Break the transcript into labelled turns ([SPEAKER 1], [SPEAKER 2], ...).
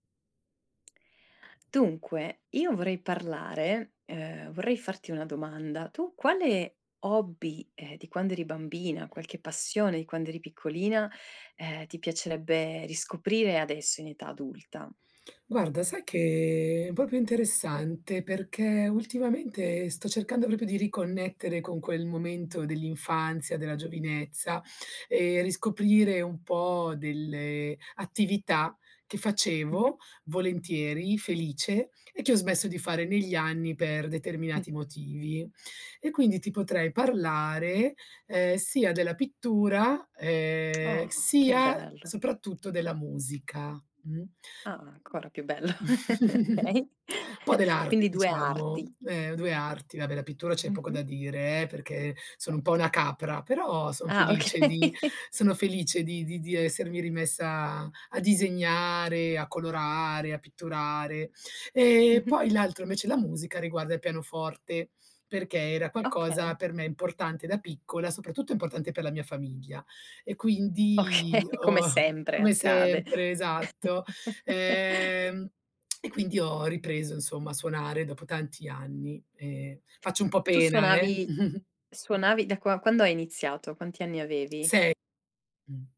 [SPEAKER 1] Dunque, io vorrei parlare, uhm, vorrei farti una domanda. Tu quale hobby, ehm, di quando eri bambina, qualche passione di quando eri piccolina, ehm, ti piacerebbe riscoprire adesso in età adulta?
[SPEAKER 2] Guarda, sai che è proprio interessante, perché ultimamente sto cercando proprio di riconnettere con quel momento dell'infanzia, della giovinezza e riscoprire un po' delle attività che facevo
[SPEAKER 1] Mh-mh.
[SPEAKER 2] volentieri, felice e che ho smesso di fare negli anni per
[SPEAKER 1] Mh.
[SPEAKER 2] determinati motivi. E quindi ti potrei parlare, ehm, sia della pittura, ehm,
[SPEAKER 1] Oh, che
[SPEAKER 2] sia,
[SPEAKER 1] bello.
[SPEAKER 2] soprattutto, della musica. Mh.
[SPEAKER 1] Ah, ancora più bello. Okay.
[SPEAKER 2] Un po' dell'arte
[SPEAKER 1] Quindi due arti.
[SPEAKER 2] diciamo, ehm, 2 arti, vabbè la pittura c'è poco da
[SPEAKER 1] Mh-mh.
[SPEAKER 2] dire eh, perché sono un po'
[SPEAKER 1] Certo.
[SPEAKER 2] una capra, però son
[SPEAKER 1] Ah
[SPEAKER 2] felice di
[SPEAKER 1] okay.
[SPEAKER 2] sono felice di di di essermi rimessa a disegnare, a colorare, a pitturare. Ehm,
[SPEAKER 1] Mh-mh.
[SPEAKER 2] poi l'altro invece la musica, riguarda il pianoforte, perché era qualcosa
[SPEAKER 1] Okay.
[SPEAKER 2] per me importante da piccola, soprattutto importante per la mia famiglia. E quindi
[SPEAKER 1] Okay, come
[SPEAKER 2] ho
[SPEAKER 1] sempre
[SPEAKER 2] come
[SPEAKER 1] accade.
[SPEAKER 2] sempre, esatto. Ehm, e quindi ho ripreso insomma a suonare dopo tanti anni e faccio un po'
[SPEAKER 1] Tu
[SPEAKER 2] pena eh.
[SPEAKER 1] suonavi suonavi da qua quando hai iniziato, quanti anni avevi?
[SPEAKER 2] 6. Mh.